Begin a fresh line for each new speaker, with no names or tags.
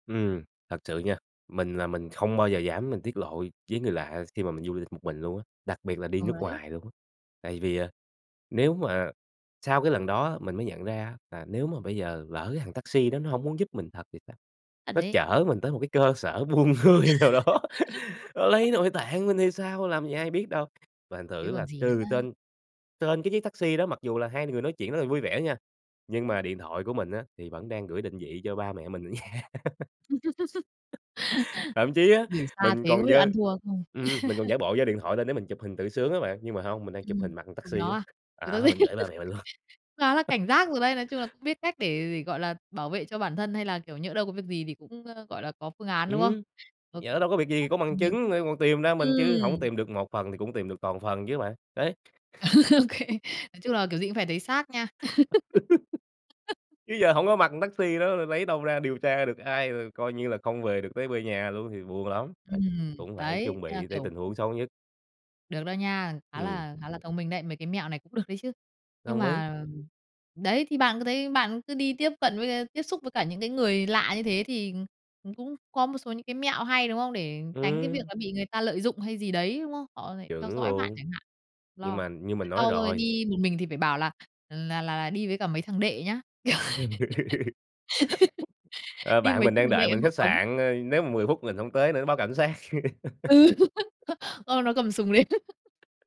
Ừm, thật sự nha, mình là mình không bao giờ dám mình tiết lộ với người lạ khi mà mình du lịch một mình luôn á, đặc biệt là đi
Ờ,
nước
đấy.
ngoài luôn á. Tại vì, à, nếu mà sau cái lần đó á, mình mới nhận ra á là nếu mà bây giờ lỡ cái thằng taxi đó nó hổng muốn giúp mình thật thì sao,
Thật
nó
ấy.
chở mình tới một cái cơ sở buôn người nào đó nó lấy nội tạng mình thì sao, làm gì ai biết đâu. Và thành thử
Chứ
á
còn
là
gì
từ
nữa.
trên trên cái chiếc taxi đó mặc dù là hai người nói chuyện rất là vui vẻ nha, nhưng mà điện thoại của mình á thì vẫn đang gửi định vị cho ba mẹ mình ở nhà. Thậm chí á,
Gửi xa
mình
thế không
còn
biết là
giơ
ăn thua hay không?
ừm, mình còn giả bộ giơ điện thoại lên để mình chụp hình tự sướng á bạn, nhưng mà hông, mình đang chụp
Ừm,
hình mặt thằng
chụp
taxi
nó
á,
à? Tự [unintelligible]
à, mình gửi ba mẹ mình luôn.
cũng khá là cảnh giác rồi đấy, nói chung là cũng biết cách để để, gọi là, bảo vệ cho bản thân, hay là, kiểu, nhỡ đâu có việc gì thì cũng, a, gọi là, có phương án, đúng không?
Ừm,
OK.
nhỡ đâu có việc gì thì có
[unintelligible]
bằng
Thông minh.
chứng để còn tìm ra mình chứ hổng có
Ừm.
tìm được một phần thì cũng tìm được toàn phần chứ bạn, đấy.
Ô kê, nói chung là kiểu gì cũng phải thấy xác nha.
Chứ giờ hổng có mặt thằng taxi đó rồi lấy đâu ra điều tra được ai, rồi coi như là không về được tới về nhà luôn thì buồn lắm, đấy,
Ừm,
cũng phải
đấy,
chuẩn
thế là,
bị tới
kiểu
tình huống xấu nhất.
Được đó nha, khá
Ừm.
là khá là thông mình đấy, mấy cái mẹo này cũng được đấy chứ. Nhưng
Đồng ý.
mà đấy thì bạn cứ thấy bạn cứ đi tiếp cận với, ờ, tiếp xúc với cả những cái người lạ như thế thì cũng có một số những cái mẹo hay, đúng không? Để tránh cái việc
Ừm.
là bị người ta lợi dụng hay gì đấy, đúng không? Họ lại theo
Chuẩn
dõi bạn
luôn.
chẳng hạn,
Nhưng
lo.
mà như mình
Thế
nói
sau rồi
rồi
đi một mình thì phải bảo là là là là đi với cả mấy thằng đệ nhá, kiểu,
Ờ,
đi
bạn
mấy
mình đang
thằng
đợi
đệ
mình
hộ
khách
tống.
sạn, ờ, nếu mà 10 phút mình hông tới nữa nó báo cảnh sát.
Ừ, ô, nó cầm súng đến.